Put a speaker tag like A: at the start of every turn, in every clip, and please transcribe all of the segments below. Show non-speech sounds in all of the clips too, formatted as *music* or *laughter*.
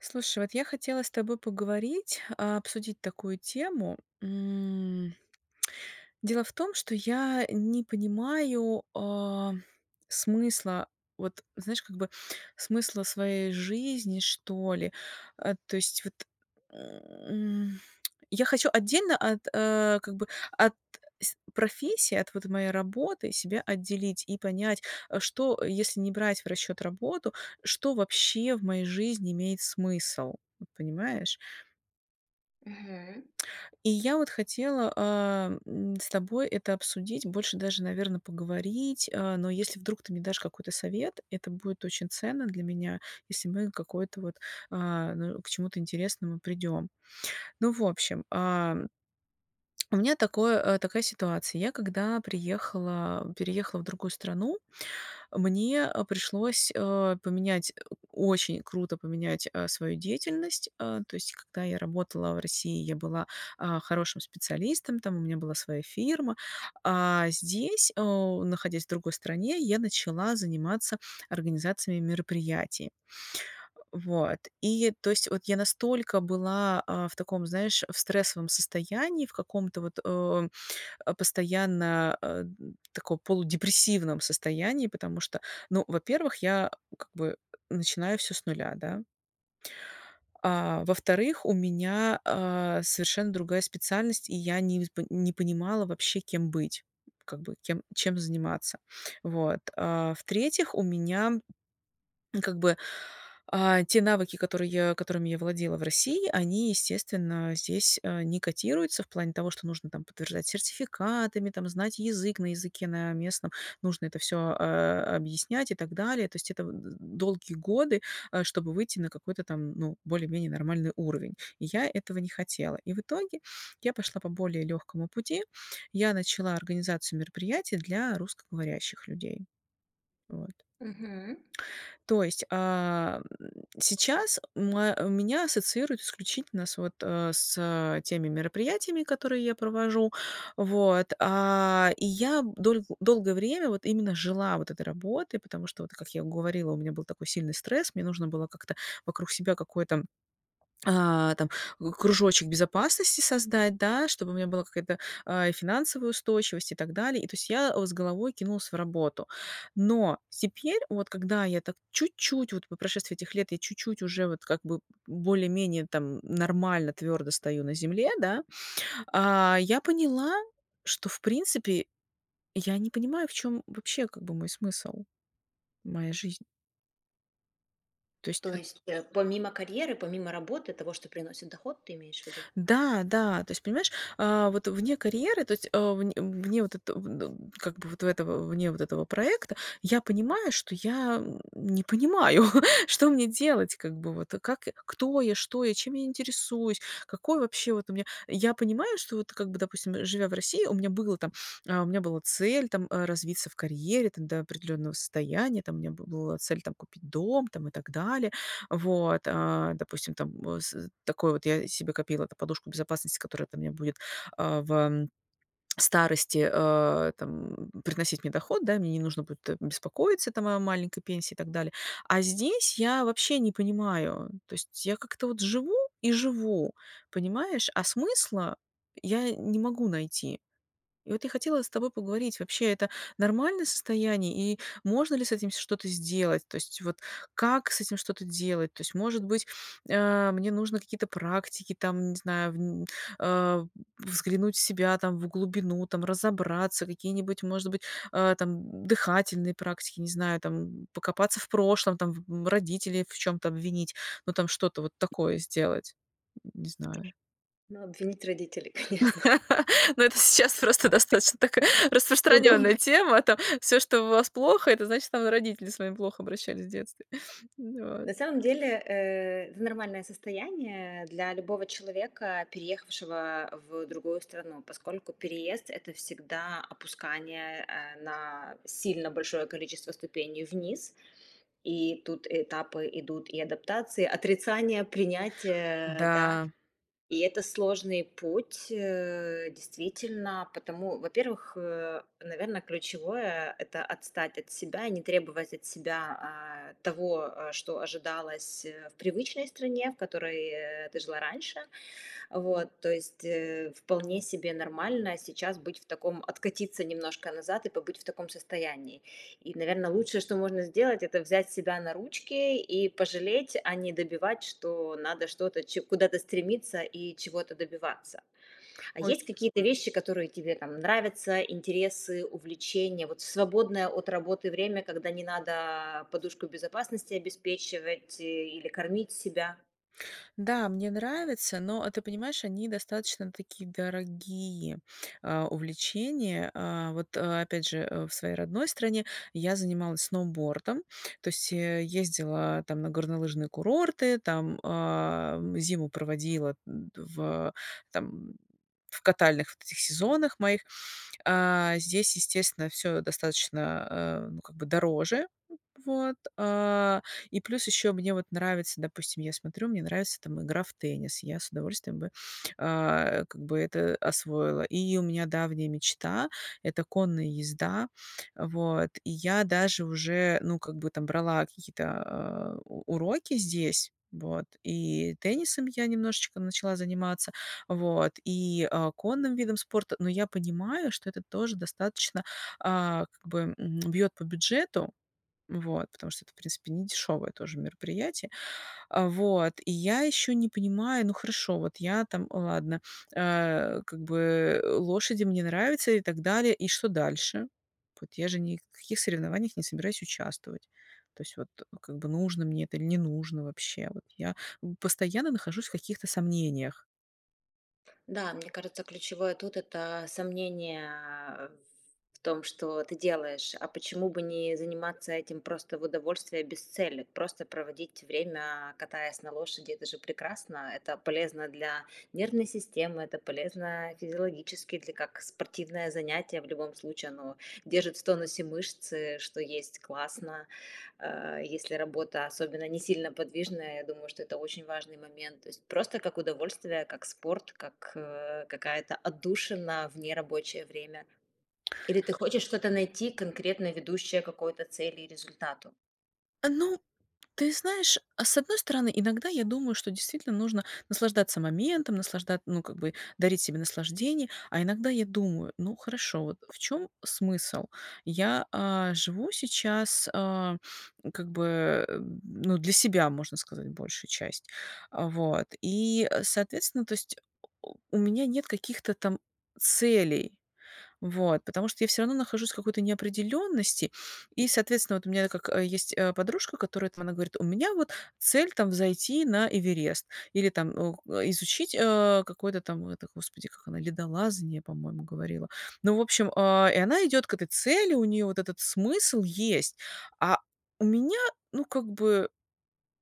A: Слушай, вот я хотела с тобой поговорить, а, обсудить такую тему, м. Дело в том, что я не понимаю, э, смысла, вот знаешь, как бы смысла своей жизни, что ли. А, то есть, вот, м, я хочу отдельно от, э, как бы, от с профессии, от вот моей работы себя отделить и понять, э, что если не брать в расчёт работу, что вообще в моей жизни имеет смысл, вот понимаешь?
B: Мгм.
A: И я вот хотела, эм, с тобой это обсудить, больше даже, наверно, поговорить. Э, но если вдруг ты мне дашь какой-то совет, это будет очень ценно для меня, если мы какое-то вот, а, ну, к чему-то интересному придём. Ну, в общем, ам у меня такое, э такая ситуация. Я когда приехала переехала в другую страну, мне пришлось, э поменять, очень круто поменять, э свою деятельность. Э то есть, когда я работала в России, я была, а хорошим специалистом, там у меня была своя фирма, а здесь, э находясь в другой стране, я начала заниматься организациями мероприятий. Вот, и то есть, вот, я настолько была, а, в таком, знаешь, в стрессовом состоянии, в каком-то, вот, э, постоянно, а, н таком полудепрессивном состоянии, потому что, ну, во-первых, я, как бы, начинаю всё с нуля, да. А во-вторых, у меня, а, совершенно другая специальность, и я не вз не понимала вообще, кем быть, как бы кем чем заниматься. Вот, а в-третьих, у меня, как бы, а, те навыки, которые которыми я владела в России, они, естественно, здесь, а, не котируются в плане того, что нужно там подтверждать сертификатами, там, знать язык, на языке на местном нужно это всё, э, объяснять и так далее. То есть это, э, долгие годы, э, чтобы выйти на какой-то там, ну, более-менее нормальный уровень. И я этого не хотела. И в итоге я пошла по более лёгкому пути. Я начала организацию мероприятий для русскоговорящих людей. Вот.
B: Мгм.
A: То есть, а, м, сейчас моа меня ассоциируют исключительно с, вот, э, с теми мероприятиями, которые я провожу, вот, а. И я дол долгое время вот именно жила вот этой работой, потому что, вот, как я говорила, у меня был такой сильный стресс, мне нужно было как-то вокруг себя какой-то, а, там, к кружочек безопасности создать, да, чтобы у меня была какая-то, а, финансовая устойчивость и так далее. И то есть я, э, с головой кинулась в работу. Но теперь, вот когда я так чуть-чуть, вот по прошествии этих лет я чуть-чуть уже вот как бы более-менее там нормально, твёрдо стою на земле, да, а, я поняла, что, в принципе, я не понимаю, в чём вообще, как бы, мой смысл, моя жизнь. То есть
B: То
A: вот
B: есть, э, помимо карьеры, помимо работы, того, что приносит доход, ты имеешь в виду?
A: Да да, то есть понимаешь, а вот вне карьеры, то есть, э, в вне вот этот, э, как бы вот этого, вне вот этого проекта я понимаю, что я не понимаю, *chuckles* что мне делать, как бы, вот, как кто я? Что я? Чем я интересуюсь? Какой вообще вот у меня? Я понимаю, что, вот, как бы, допустим, живя в России, у меня было там, а, у меня была цель там развиться в карьере там до определенного состояния, там у меня бы была цель там купить дом там и так далее. Вот, а, допустим, там в с такой вот я себе копила подушку безопасности, которая там меня будет, а, в старости, э, там приносить мне доход, да. Мне не нужно будет беспокоиться там о маленькой пенсии и так далее, а здесь я вообще не понимаю, то есть я как-то вот живу и живу, понимаешь, а смысла я не могу найти. И вот я хотела с тобой поговорить, вообще это нормальное состояние и можно ли с этим что-то сделать? То есть вот как с этим что-то делать? То есть, может быть, а, мне нужно какие-то практики, там не знаю, вн а, взглянуть в себя, там, в глубину, там, разобраться, какие-нибудь, может быть, э, там, дыхательные практики, не знаю, там, покопаться в прошлом, там, м родителей в чём-то обвинить, ну, там, что-то вот такое сделать. Не знаю.
B: Ну, обвинить родителей, конечно.
A: *laughs* Но это сейчас просто достаточно такая
B: Удобно.
A: распространённая тема там. Всё, что в вас плохо,- это значит, там родители с вами плохо обращались в детстве, вот.
B: На самом деле, э, в нормальное состояние для любого человека, переехавшего в другую страну, поскольку переезд- это всегда опускание, э, на сильно большое количество ступеней вниз. И тут этапы идут и адаптации, отрицание, принятие, да.
A: Да.
B: И это сложный путь, э, действительно, потому во-первых, э, наверное, ключевое- это отстать от себя и не требовать от себя, а, того, э, что ожидалось в привычной стране, в которой, э, ты жила раньше. Вот, то есть, э, вполне себе нормально сейчас быть в таком, откатиться немножко назад и побыть в таком состоянии. И, наверно, лучшее, что можно сделать- это взять себя на ручки и пожалеть, а не добивать, что надо что-то ч куда-то стремиться и чего-то добиваться. А
A: Ой.
B: есть какие-то вещи, которые тебе там нравятся, интересы, увлечения, вот в свободное от работы время, когда не надо подушку безопасности обеспечивать или кормить себя?
A: Да, мне нравится, но ты понимаешь, они достаточно такие дорогие, а, увлечения. А, вот опять же, э, в своей родной стране я занималась сноубордом, то есть, э, ездила там на горнолыжные курорты, там, а, зиму проводила в, там, в катальных вот этих сезонах моих. Э, здесь, естественно, всё достаточно, э, ну, как бы дороже, вот, э, и плюс ещё мне вот нравится, допустим, я смотрю, мне нравится, там, игра в теннис, я с удовольствием бы, э, как бы это освоила. И у меня давняя мечта- это конная езда. Вот, и я даже уже, ну, как бы там брала какие-то, э, у уроки здесь, вот, и теннисом я немножечко начала заниматься, вот, и, э, конным видом спорта. Но я понимаю, что это тоже достаточно, э, как бы, м, бьёт по бюджету, вот, потому что это, в принципе, не дешёвое тоже мероприятие, а, вот, и я ещё не понимаю. Ну хорошо, вот я там, ладно, э, как бы, э, лошади, мне нравится и так далее, и что дальше? Вот я же ни в каких соревнованиях не собираюсь участвовать. То есть, вот, как бы, нужно мне это или не нужно вообще. Вот я постоянно нахожусь в каких-то сомнениях.
B: Да, мне кажется, ключевое тут- это сомнение ф в том, что ты делаешь. А почему бы не заниматься этим просто в удовольствие, без цели? Просто проводить время, катаясь на лошади- это же прекрасно. Это полезно для нервной системы, это полезно физиологически, для как спортивное занятие. В любом случае, оно держит в тонусе мышцы, что есть классно. А, если работа особенно не сильно подвижная, я думаю, что это очень важный момент. То есть просто как удовольствие, как спорт, как, э, какая-то отдушина в нерабочее время. Или ты хочешь что-то найти конкретно, ведущее к какой-то цели и результату?
A: Ну, ты знаешь, а, с одной стороны, иногда я думаю, что действительно нужно наслаждаться моментом, наслаждат ну, как бы, дарить себе наслаждение. А иногда я думаю: "Ну, хорошо, вот в чём смысл?" Я, а, живу сейчас, а, как бы, ну, для себя, можно сказать, большую часть. Вот и, соответственно, то есть у у у меня нет каких-то там целей, вот. Потому что я всё равно нахожусь в какой-то неопределенности. И, соответственно, вот у меня как, э, есть, э, подружка, которая там, она говорит: "У меня вот цель там- взойти на Эверест". Или там, о, к изучить, э, какой-то там, ну это, господи, как она, ледолазание, по-моему, говорила. Ну, в общем, а, и она идёт к этой цели, у неё вот этот смысл есть. А у меня, ну, как бы,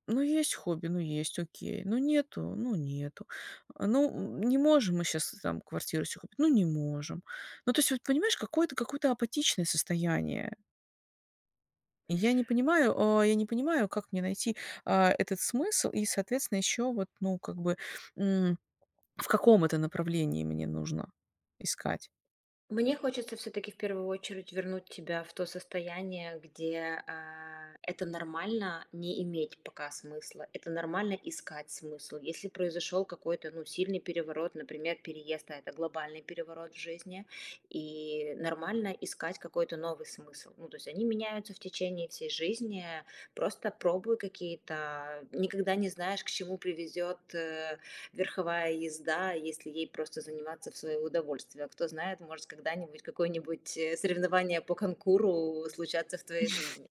A: ну, есть хобби- ну есть, окей, ну нету- ну нету. А, ну, м не можем мы щас там квартиру себе купить, ну не можем, ну то есть, вот понимаешь, какое-то какое-то апатичное состояние. Я не понимаю, о я не понимаю, как мне найти, а, этот смысл? И соответственно, ещё вот, ну как бы, м в каком это направлении мне нужно искать.
B: Мне хочется всё-таки в первую очередь вернуть тебя в то состояние, где, а, это нормально- не иметь пока смысла, это нормально- искать смысл. Если произошёл какой-то, ну, сильный переворот, например, переезд, а это глобальный переворот в жизни. И нормально искать какой-то новый смысл. Ну, то есть, они меняются в течение всей жизни. Просто пробуй какие-то никогда не знаешь, к чему привезёт, э, верховая езда, если ей просто заниматься в своё удовольствие. Кто знает, может, когда-нибудь какое-нибудь, э, соревнование по конкуру случатся в твоей
A: *chuckles*
B: жизни.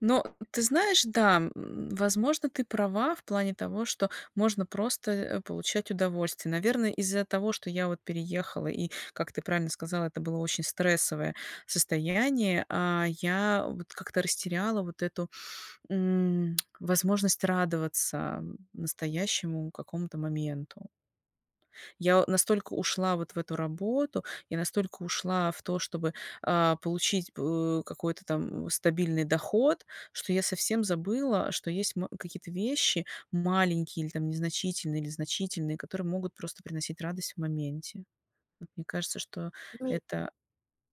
A: Но ты знаешь, да, м, возможно, ты права в плане того, что можно просто, э, получать удовольствие. Наверно, из-за того, что я вот переехала и, как ты правильно сказала, это было очень стрессовое состояние. А, я вот как-то растеряла вот эту, м, возможность радоваться настоящему какому-то моменту. Я настолько ушла вот в эту работу, я настолько ушла в то, чтобы, а, получить п какой-то там м стабильный доход. Что я совсем забыла, что есть м какие-то вещи маленькие или там незначительные или значительные, которые могут просто приносить радость в моменте. Вот мне кажется, что
B: Ну и
A: это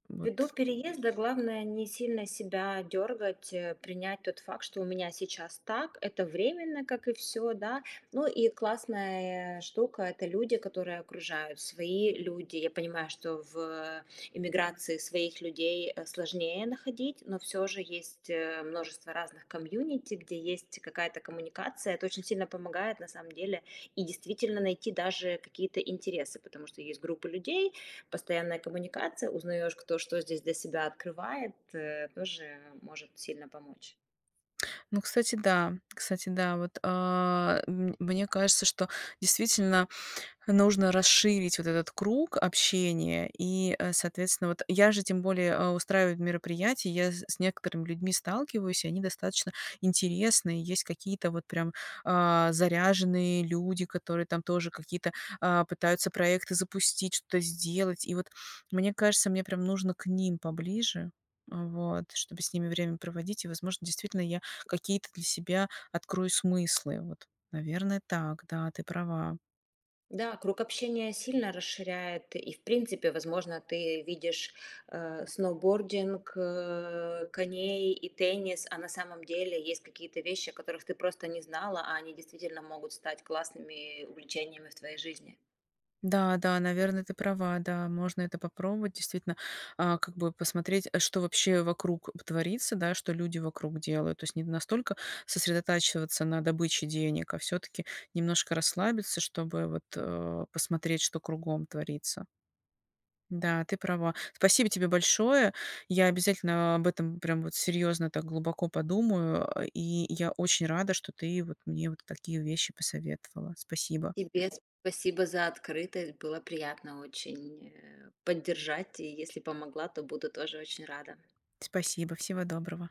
A: вот
B: Ввиду переезда главное не сильно себя дёргать, э, принять тот факт, что у меня сейчас так, это временно, как и всё, да. Ну и классная штука- это люди, которые окружают, свои люди. Я понимаю, что в эмиграции своих людей, э, сложнее находить. Но всё же есть, э, множество разных комьюнити, где есть какая-то коммуникация. Это очень сильно помогает, на самом деле. И действительно найти даже какие-то интересы, потому что есть группы людей, постоянная коммуникация. Узнаешь, кто что здесь для себя открывает, э, тоже может сильно помочь.
A: Ну, кстати, да кстати, да. Вот, а, мн мне кажется, что действительно нужно расширить вот этот круг общения. И, э, соответственно, вот я же тем более, а, устраиваю мероприятия. Я з с некоторыми людьми сталкиваюсь, и они достаточно интересные. Есть какие-то вот прям, а, заряженные люди, которые там тоже какие-то, а, пытаются проекты запустить, что-то сделать. И вот мне кажется, мне прям нужно к ним поближе, э, вот, чтобы с ними время проводить. И возможно, действительно я какие-то для себя открою смыслы. Вот, наверное, так, да, ты права.
B: Да, круг общения сильно расширяет. И в принципе, возможно, ты видишь, э сноубординг, э коней и теннис. А на самом деле есть какие-то вещи, о которых ты просто не знала. А они действительно могут стать классными увлечениями в твоей жизни.
A: Да да, наверно, ты права, да, можно это попробовать, действительно, а, как бы посмотреть, э, что вообще вокруг б творится, да, что люди вокруг делают, то есть не настолько сосредотачиваться на добыче денег, а всё-таки немножко расслабиться, чтобы, вот, э, посмотреть, что кругом творится. Да, ты права. Спасибо тебе большое. Я обязательно об этом, прям вот серьёзно так глубоко подумаю. А, и я очень рада, что ты вот мне вот такие вещи посоветовала. Спасибо.
B: Тебе спасибо за открытость, было приятно очень, э, поддержать, и если помогла, то буду тоже очень рада.
A: Спасибо, всего доброго.